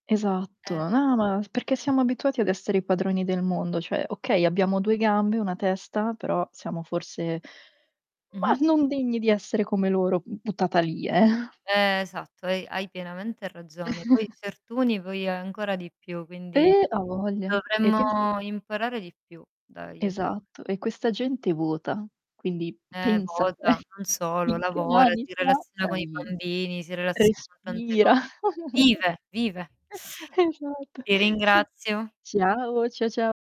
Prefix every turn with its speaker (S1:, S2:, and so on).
S1: Eh.
S2: Esatto. No, no perché siamo abituati ad essere i padroni del mondo. Cioè, okay, abbiamo 2 gambe, 1 testa, però siamo forse, mah,
S1: Mh-mh.
S2: non degni di essere come, loro, mhmm, buttata lì, eh.
S1: Esatto hai hai pienamente ragione. Poi, certuni poi ancora di più. Quindi,
S2: Eh, avoglia. E penso
S1: dovremmo imparare di più dagli anima
S2: Esatto, e questa gente vota. Quindi,
S1: Eh,
S2: pensa
S1: vota?
S2: te
S1: Non solo:
S2: in che
S1: lavora,
S2: mani
S1: si
S2: sia
S1: relaziona con i
S2: Bravi
S1: bambini, si relaziona con tante co
S2: respira.
S1: Vive! vive!
S2: Esatto
S1: Ti ringrazio.
S2: Ciao! Cià, cià.